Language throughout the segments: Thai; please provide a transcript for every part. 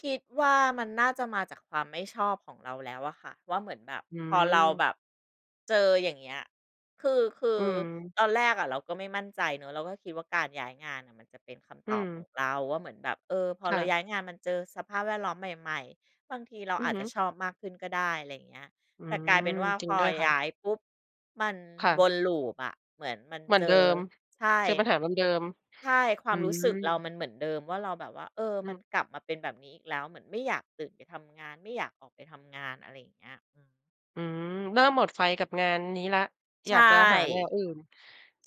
คิดว่า มันน่าจะมาจากความไม่ชอบของเราแล้วอะค่ะ ว่า เหมือนแบบอืพอเราแม บบ เจอ อย่างเงี้ย คือ คือือม ตอนแรกอะเราก็ไม่มั่นใจเนาะ เราก็คิดว่า การย้ายงานน่ะมันจะเป็นคอำืตอบขอม งเราว่า เหมือนแบบ เออ พอคเร่าะ ย้ายงานมาเจอสภาพแวดล้อมใหม่ ๆ บางทีเราอืออาจฮึ จะชอบมากขึ้นก็ได้ อะไรอย่างเงี้ย อืแต่กลายม เป็นว่า จรพิงอด้วยค่ยะ ้ายปุ๊บ มันค่วะ น loop อะ เหมือนมันเหมือเนจเดิอ ม ใช่ เจอปัญหาเดิม ใช่ คๆ วอืามรู้สึกเราม มันเหมือนเดิมว่า เราแบบว่า เออ อมัือ นกลับมาเป็นแบบนี้อีกแล้ว เหมือนไม่อยากตื่นไปทำงาน ไม่อยากออกไปทำงาน อะไรอย่างเงี้ย อืม อืม เริ่มหมดไฟกับงานนี้แล้ว ใชอยา่ กจะหาแนวอื่น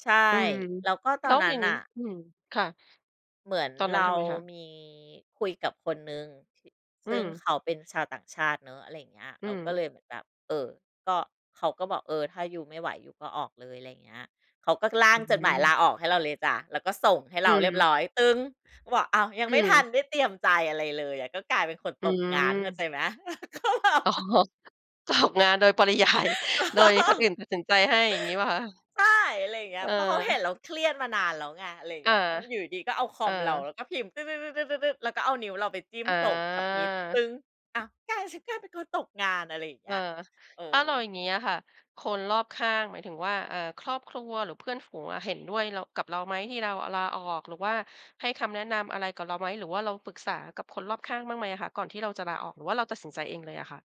ใช่ อืม แล้วก็ตแอล้นวนั้อย่นางงนี้ ่ะ อืม ค่ะ เหมือนตอนนั้เรนทาำไงคะ? มีคุยกับคนหนึ่ง ถิ อืซึ่งม เขาเป็นชาวต่างชาติเนาะ อะไรอย่างเงี้ย อืเราก็เลม ยเหมือนแบบ เอ่อ ก็ เขาก็บอก เออ ถ้ายูไม่ไหว ยูก็ออกเลย ไรเงี้ย เขาก็ร่าองื้อฮจดหมายืลอ าออกให้เราเลยจ้ะ แล้วก็ส่งให้อเรืาเรียบรม ้อย ก็บอก "อ้าว" ยังอืไม่ทันม ได้เตรียมใจอะไรเลยอะ ก็กลายเป็นคนอืตกงาน เข้าม ใจไหม ก็แบบ อ๋อ ตกงานโดย ปริยาย โดยคนอื่นตัดสินใจให้ อย่างงี้เปล่าคะ? ใช่ อะไรอย่างเงี้เย ออ เพราะเขาเห็นเราเครียดมานานแล้วไง อะไรอเงา ี้ย เออ อยู่ดี ๆ ก็เอาคเออมเราแลอ ้วก็พิมพ์ แล้วก็เอานิ้วเราไปจิ้มอส่ง submit า อ้าว กลายเป็นฉันกลายเป็นตัวตกงาน อะไรอย่างเงเีอ้อ ย เออ ถ้าเรา อย่างงี้อะค่ะ คนรอบข้าง หมายถึงว่า เอ่อ ครอบครัวหรือเพื่อนฝูงอะ เห็นด้วย เรา กับเราไหม? ที่เราอะลาออก หรือว่าให้คำแนะนำอะไรกับเราไหม? หรือว่าเราปรึกษากับคนรอบข้างบ้างไหมอะคะ? ก่อนที่เราจะลาออก หรือว่าเราตัดสินใจเองเลยอะค่ะ